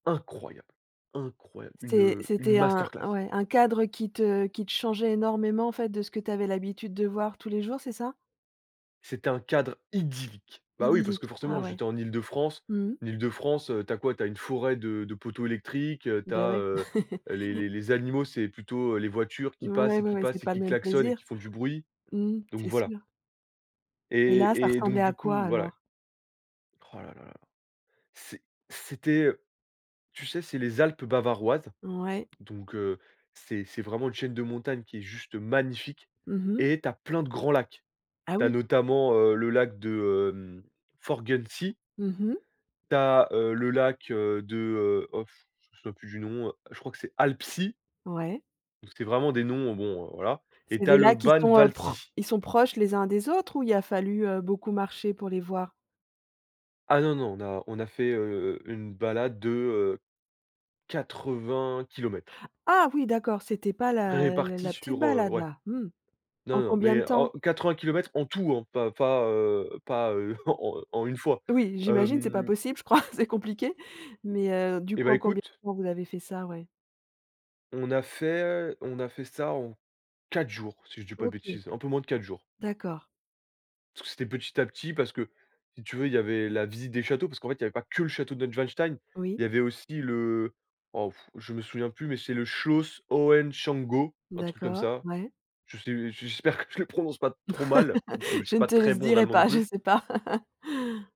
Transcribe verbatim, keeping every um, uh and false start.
Incroyable! incroyable! Une, C'est heu, une c'était un masterclass. ouais, un cadre qui te qui te changeait énormément en fait de ce que tu avais l'habitude de voir tous les jours, c'est ça? C'était un cadre idyllique. Bah oui, parce Idyllique, que ah forcément, ouais. j'étais en Île-de-France. Mmh mh? L'Île-de-France, heu, tu as quoi? Tu as une forêt de de poteaux électriques, heu, tu Beh as, ouais. heu, les les les animaux, c'est plutôt, heu, les voitures qui Ouais, passent et ouais, qui ouais, c'est passent et pas le qui même klaxonnent et plaisir? qui font du bruit. Mmh mh. Donc C'est voilà. sûr. Et là, ça Et et ressemblait donc à du quoi coup, voilà. alors? Oh la la la. C'est c'était tu sais, c'est les Alpes bavaroises, Ouais. donc heu, c'est c'est vraiment une chaîne de montagne qui est juste magnifique, Mmh mh. et tu as plein de grands lacs. Ah Tu as oui? notamment, heu, le lac de, hem, Forggensee Mmh mh. tu as, heu, le lac, heu, de, heu, oh f je me souviens plus du nom, heu, je crois que c'est Alpsee Ouais. donc c'était vraiment des noms, bon heu voilà, et C'est tu as des le lacs qui sont heu pro Bannwaldsee. ils sont proches les uns des autres ou il y a fallu, heu, beaucoup marcher pour les voir? Ah non, non, on a on a fait, heu, une balade de, heu quatre-vingt kilomètres Ah oui, d'accord, c'était pas la répartis la petite sur, heu balade ouais. là, mmh. Non, En non, combien de mais en temps? quatre-vingt kilomètres en tout hein, pas pas, heu pas, heu en en une fois, Oui, j'imagine, c'est pas hem possible, je crois c'est compliqué. Mais heu, du Eh coup, ben en combien écoute de temps vous avez fait ça ouais? on a fait on a fait ça en quatre jours, si je dis pas de OK, bêtises, un peu moins de quatre jours. d'accord. Parce que c'était petit à petit, parce que, si tu veux, il y avait la visite des châteaux, parce qu'en fait, il y avait pas que le château de Neuschwanstein, Oui. il y avait aussi le wow f je me souviens plus, mais c'est le Schloss Hohenschwangau, un truc comme D'accord, ça. ouais. Je sais j'espère que je le prononce pas trop mal, parce que je suis Je ne pas te le très bon en dirais allemand non pas, je plus. sais pas.